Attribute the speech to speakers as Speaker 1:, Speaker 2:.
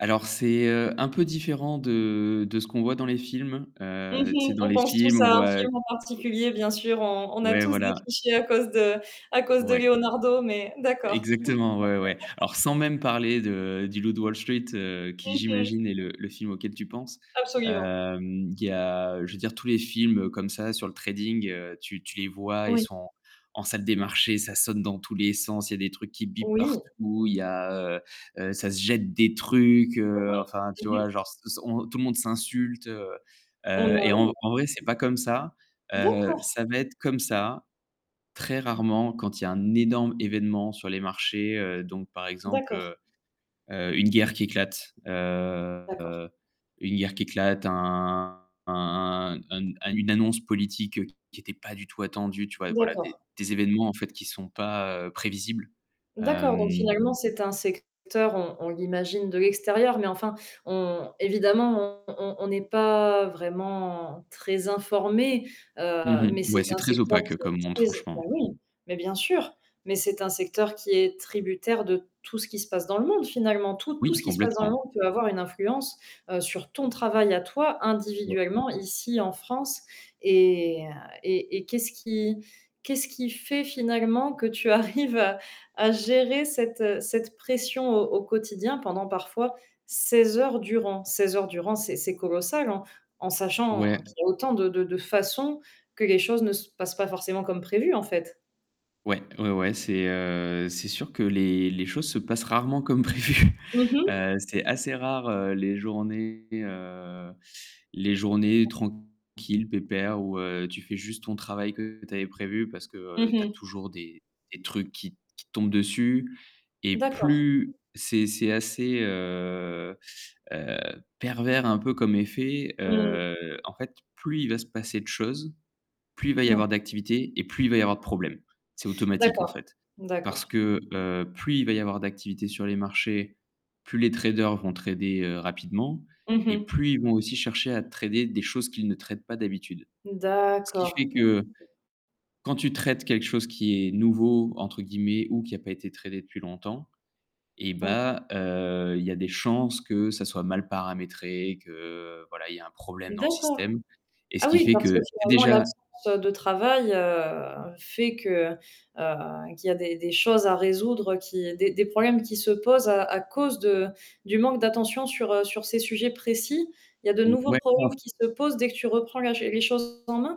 Speaker 1: Alors c'est, heu, un peu différent de de ce qu'on voit dans les films,
Speaker 2: Mmh
Speaker 1: heu, tu sais
Speaker 2: mh.
Speaker 1: dans
Speaker 2: On
Speaker 1: les
Speaker 2: pense tous
Speaker 1: films, on
Speaker 2: à un
Speaker 1: voit
Speaker 2: film en particulier bien sûr, on on a
Speaker 1: ouais,
Speaker 2: tous des
Speaker 1: voilà.
Speaker 2: clichés à cause de à cause de
Speaker 1: Ouais.
Speaker 2: Leonardo, mais d'accord.
Speaker 1: Exactement, ouais, ouais. Alors, sans même parler de du Loup de Wall Street heu, qui
Speaker 2: Mmh mh.
Speaker 1: j'imagine est le le film auquel tu penses.
Speaker 2: Absolument.
Speaker 1: Hem, il y a je veux dire tous les films comme ça sur le trading, heu, tu tu les vois, ils
Speaker 2: Oui.
Speaker 1: sont en en salle des marchés, ça sonne dans tous les sens, il y a des trucs qui bipent
Speaker 2: Oui.
Speaker 1: partout, il y a, heu heu, ça se jette des trucs,
Speaker 2: Mmh
Speaker 1: heu,
Speaker 2: mh.
Speaker 1: enfin tu
Speaker 2: Mmh mh.
Speaker 1: vois, genre s s on tout le monde s'insulte, heu
Speaker 2: Bah,
Speaker 1: heu, et en
Speaker 2: oui.
Speaker 1: vrai c'est pas comme ça, heu,
Speaker 2: D'accord.
Speaker 1: ça va être comme ça très rarement quand il y a un énorme événement sur les marchés, heu, donc par exemple,
Speaker 2: D'accord.
Speaker 1: heu heu, une guerre qui éclate,
Speaker 2: D'accord.
Speaker 1: heu, une guerre qui éclate, un un un un n une annonce politique qui était pas du tout attendue, tu vois? Voilà, des
Speaker 2: D'accord.
Speaker 1: des événements en fait qui sont pas, heu, prévisibles,
Speaker 2: D'accord, donc
Speaker 1: hem
Speaker 2: finalement c'est un secteur, on on l'imagine de l'extérieur, mais enfin, on évidemment on on on n'est pas vraiment très informé,
Speaker 1: Mmh
Speaker 2: heu, mais
Speaker 1: mh. Ouais,
Speaker 2: c'est
Speaker 1: c'est
Speaker 2: un
Speaker 1: très
Speaker 2: secteur
Speaker 1: opaque
Speaker 2: qui est
Speaker 1: comme monde
Speaker 2: très bah
Speaker 1: franchement.
Speaker 2: oui, mais bien sûr, mais c'est un secteur qui est tributaire de tout ce qui se passe dans le monde finalement. Tout tout
Speaker 1: Oui
Speaker 2: ce qui se passe dans le
Speaker 1: complètement.
Speaker 2: monde peut avoir une influence, heu, sur ton travail à toi
Speaker 1: Ouais.
Speaker 2: individuellement ici en France et et et qu'est-ce qui qu'est-ce qui fait finalement que tu arrives à à gérer cette, heu, cette pression au au quotidien pendant parfois 16 heures durant? 16 heures durant, c'est c'est colossal en en sachant
Speaker 1: Ouais.
Speaker 2: qu'il y a autant de de de façons que les choses ne se passent pas forcément comme prévu, en fait.
Speaker 1: Ouais, ouais, ouais c'est, heu, c'est sûr que les les choses se passent rarement comme prévues.
Speaker 2: Mmh mh.
Speaker 1: Heu, c'est assez rare, heu, les journées, heu, les journées
Speaker 2: [unintelligible]
Speaker 1: tranquilles pépères où, heu, tu fais juste ton travail que tu avais prévu parce que, heu,
Speaker 2: Mmh
Speaker 1: tu as
Speaker 2: mh.
Speaker 1: toujours des des trucs qui t qui te tombent dessus et
Speaker 2: D'accord.
Speaker 1: plus c'est c'est assez, heu heu, pervers un peu comme effet,
Speaker 2: Mmh.
Speaker 1: heu, en fait plus il va se passer de choses, plus il va y
Speaker 2: Mmh.
Speaker 1: avoir d'activités et plus il va y avoir de problèmes. C'est automatique en
Speaker 2: D'accord,
Speaker 1: fait. Parce
Speaker 2: d'accord.
Speaker 1: que, heu, plus il va y avoir d'activité sur les marchés, plus les traders vont trader, heu, rapidement
Speaker 2: Mmh
Speaker 1: et
Speaker 2: mh.
Speaker 1: plus ils vont aussi chercher à trader des choses qu'ils ne tradent pas d'habitude. Ce qui
Speaker 2: D'accord.
Speaker 1: fait que quand tu traites quelque chose qui est «nouveau», entre guillemets ou qui a pas été tradé depuis longtemps et
Speaker 2: Ouais.
Speaker 1: bah, heu, il y a des chances que ça soit mal paramétré, que, voilà, il y a un problème dans le
Speaker 2: D'accord.
Speaker 1: système et ce
Speaker 2: Ah
Speaker 1: qui
Speaker 2: oui,
Speaker 1: fait
Speaker 2: parce
Speaker 1: que
Speaker 2: que
Speaker 1: c'est
Speaker 2: finalement
Speaker 1: déjà
Speaker 2: l'absence de travail, heu, fait que, heu, qu'il y a des des choses à résoudre, qui des des problèmes qui se posent à à cause de du manque d'attention sur, heu, sur ces sujets précis. Il y a de nouveaux problèmes qui se posent
Speaker 1: [unintelligible]
Speaker 2: dès que tu reprends la ch les choses en main?